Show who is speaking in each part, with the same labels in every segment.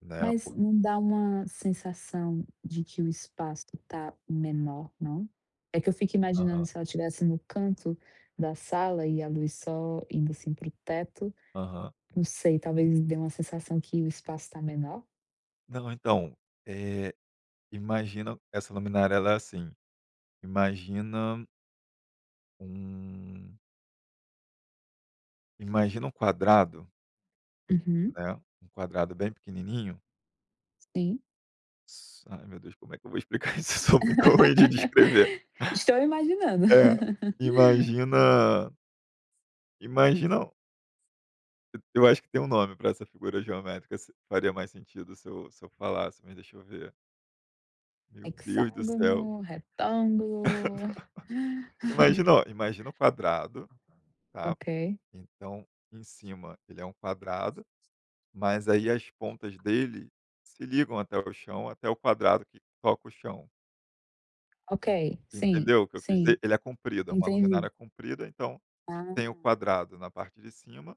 Speaker 1: Na
Speaker 2: Mas
Speaker 1: épo
Speaker 2: não dá uma sensação de que o espaço tá menor, não? É que eu fico imaginando
Speaker 1: Aham.
Speaker 2: se ela estivesse no canto da sala e a luz só indo assim para o teto.
Speaker 1: Aham.
Speaker 2: Não sei, talvez dê uma sensação que o espaço tá menor?
Speaker 1: Não, então, eh, imagina essa luminária ela é assim: imagina um imagina um quadrado
Speaker 2: Uhum.
Speaker 1: né, um quadrado bem pequenininho.
Speaker 2: Sim.
Speaker 1: Só ai, meu Deus, como é que eu vou explicar isso? Eu sou muito ruim de descrever.
Speaker 2: Estou imaginando.
Speaker 1: É. Imagina imagina E eu acho que tem um nome para essa figura geométrica. S faria mais sentido se eu se eu falasse, mas deixa eu ver. Meu Deus do céu.
Speaker 2: Hexágono, retângulo.
Speaker 1: Imagina, ó, imagina o quadrado, tá,
Speaker 2: Ok.
Speaker 1: então, em cima, ele é um quadrado, mas aí as pontas dele se ligam até o chão, até o quadrado que toca o chão.
Speaker 2: Ok. Sim,
Speaker 1: Entendeu o que eu quis
Speaker 2: sim.
Speaker 1: dizer? Ele é comprido. É uma
Speaker 2: Entendi.
Speaker 1: luminária comprida, então tem
Speaker 2: Ah.
Speaker 1: o quadrado na parte de cima,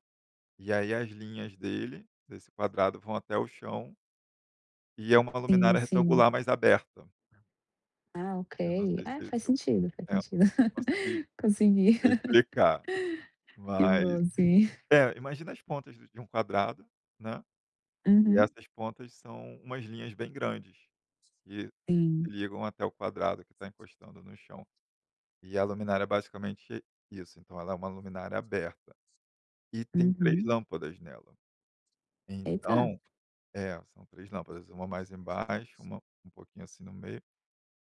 Speaker 1: e aí as linhas dele, desse quadrado, vão até o chão. E é uma
Speaker 2: Sim,
Speaker 1: luminária
Speaker 2: sim.
Speaker 1: retangular mais aberta.
Speaker 2: Ah,
Speaker 1: Eu não
Speaker 2: ok.
Speaker 1: sei se
Speaker 2: É,
Speaker 1: se
Speaker 2: faz
Speaker 1: eu
Speaker 2: sentido, faz
Speaker 1: É. Não
Speaker 2: sentido.
Speaker 1: sei se eu consegui
Speaker 2: Consegui.
Speaker 1: explicar,
Speaker 2: Que
Speaker 1: mas
Speaker 2: bom. Sim.
Speaker 1: é, imagina as pontas de de um quadrado, né. E
Speaker 2: Uhum.
Speaker 1: essas pontas são umas linhas bem grandes que se
Speaker 2: Sim.
Speaker 1: ligam até o quadrado que tá encostando no chão. E a luminária é basicamente isso. Então ela é uma luminária aberta e tem 3
Speaker 2: Uhum.
Speaker 1: lâmpadas nela.
Speaker 2: Eita.
Speaker 1: Então É, são 3 lâmpadas. Uma mais embaixo, uma, um pouquinho assim, no meio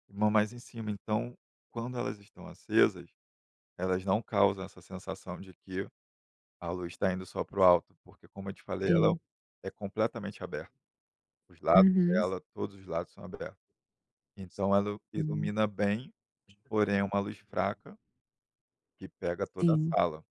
Speaker 1: e uma mais em cima. Então, quando elas estão acesas, elas não causam essa sensação de que a luz tá indo só pro alto, porque, como eu te falei, ela
Speaker 2: Sim.
Speaker 1: é completamente aberta. Os lados
Speaker 2: Uhum.
Speaker 1: dela, todos os lados são aberto. Então ela
Speaker 2: Hum.
Speaker 1: ilumina bem, porém, é uma luz fraca que pega toda a
Speaker 2: Sim.
Speaker 1: sala.